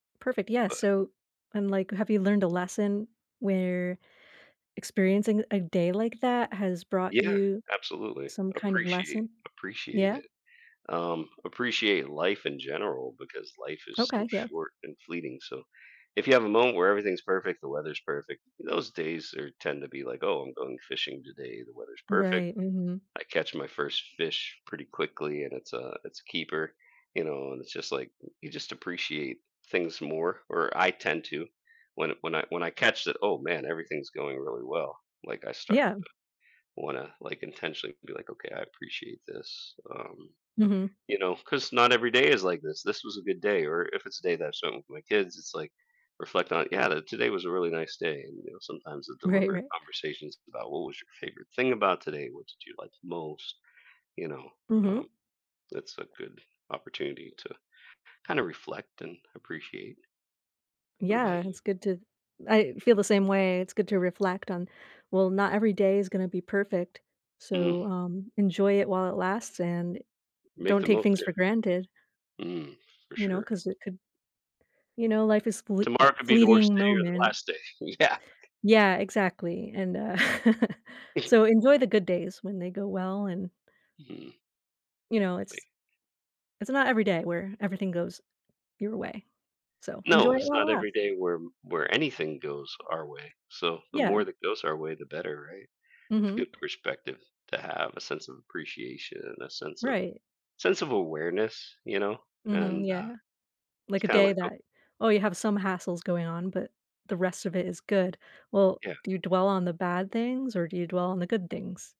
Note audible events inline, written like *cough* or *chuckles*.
Perfect, yeah, But so, I'm like, have you learned a lesson where experiencing a day like that has brought Yeah, you absolutely. some kind of Appreciate lesson? appreciate Yeah? it, um appreciate life in general because life is so Okay, yeah. short and fleeting, so if you have a moment where everything's perfect, the weather's perfect, those days are tend to be like, "Oh, I'm going fishing today, the weather's perfect," Right, mhm. I catch my first fish pretty quickly, and it's a it's a keeper, you know, and it's just like you just appreciate things more, or I tend to when when I when I catch it, oh man, everything's going really well, like I start, Yeah. uh, wanna like intentionally be like, "Okay, I appreciate this," um, Mhm. you know, 'cause not every day is like this, this was a good day, or if it's a day that I spent with my kids, it's like, reflect on it, "Yeah, today was a really nice day," and you know, sometimes the Right, deliberate right. conversations about what was your favorite thing about today, what did you like the most, you know, um, Mhm. that's a good opportunity to kind of reflect and appreciate. What about Yeah, you? it's good to I feel the same way, it's good to reflect on, well, not every day is gonna be perfect, Mm. so, um, enjoy it while it lasts and Make don't the take most, things yeah. for granted. Mm, for You know, sure. 'cause it could you know, life is fl uh, Tomorrow could be the worst fleeting day or the moment. last day. Yeah. Yeah, exactly, and, uh, *chuckles* so *chuckles* enjoy the good days when they go well and Mm. You know, Like it's It's not every day where everything goes your way, so enjoy No, it it's while it not every lasts. day where where anything goes our way, so the Yeah. more that goes our way, the better, right? It's a Mhm. good perspective to have a sense of appreciation and a sense of Right. sense of awareness, you know, and Mhm, uh, yeah, like it's a kind of day like oh that, oh, you have some hassles going on, but the rest of it is good. Well, Yeah. do you dwell on the bad things or do you dwell on the good things?